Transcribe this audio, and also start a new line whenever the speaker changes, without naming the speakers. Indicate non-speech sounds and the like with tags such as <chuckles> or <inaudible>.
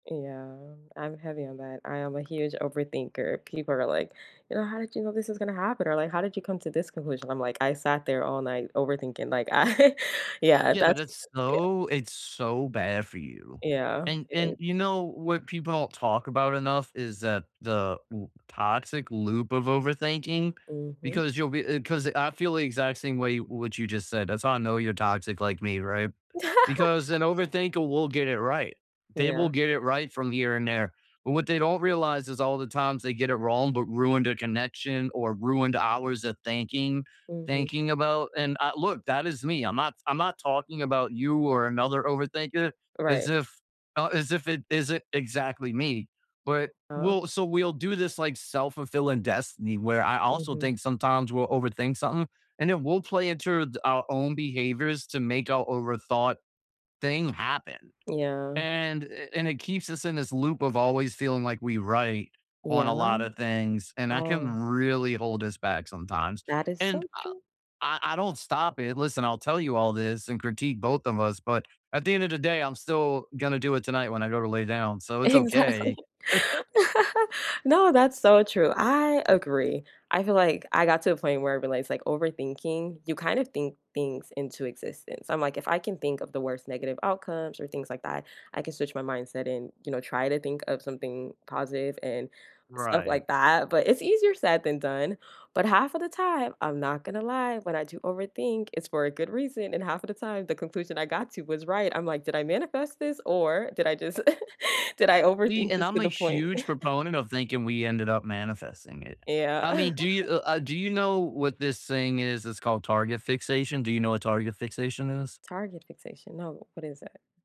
Yeah, I'm heavy on that. I am a huge overthinker. People are like, "You're how did you know this was gonna happen?" Or like, "How did you come to this conclusion?" I'm like, "I sat there all night overthinking," like, I yeah,
Yeah, but
that's
it's
yeah.
so it's so bad for you.
Yeah.
And
It
and,
is.
you know, what people talk about enough is that the u toxic loop of overthinking
Mhm.
because you'll be uh, 'cause I feel the exact same way what you just said. That's how I know you're toxic like me, right? Because
<laughs>
an overthinker will get it right. They will
Yeah.
get it right from here and there. But what they don't realize is all the times they get it wrong, but ruined their connection or ruined hours of thinking,
Mhm.
thinking about and, uh, look, that is me. I'm not I'm not talking about you or another overthinker as
Right.
if thou as if it isn't exactly me. But
Uh
we'll so we'll do this, like, self-fulfilling destiny where I also
Mhm.
think sometimes we'll overthink something, and then we'll play it through it our own behaviors to make our overthought thing happen.
Yeah.
And and it keeps us in this loop of always feeling like we right on a
Yeah.
lot of things, and that can
Oh
really hold us back sometimes.
That is
And
so
I
true.
I I don't stop it. Listen, I'll tell you all this and critique both of us, but at the end of the day, I'm still gonna do it tonight when I go to lay down, so it's
Exactly.
okay.
<laughs>
<laughs>
No, that's so true. I agree. I feel like I got to a point where I realized like overthinking, you kind of think things into existence. I'm like, if I can think of the worst negative outcomes or things like that, I can switch my mindset and, you know, try to think of something positive and stuff
Right.
like that, but it's easier said than done. But half of the time, I'm not gonna lie, when I do overthink, it's for a good reason. And half of the time, the conclusion I got to was right. I'm like, "Did I manifest this or did I just <laughs> did I
See,
overthink
and
this to
I'm a
the point?"
huge
<chuckles>
proponent of thinking we ended up manifesting it. I
Yeah.
mean, do you
<laughs>
uh, do you know what this thing is? It's called target fixation. Do you know what target fixation is?
Target fixation. No. What is that?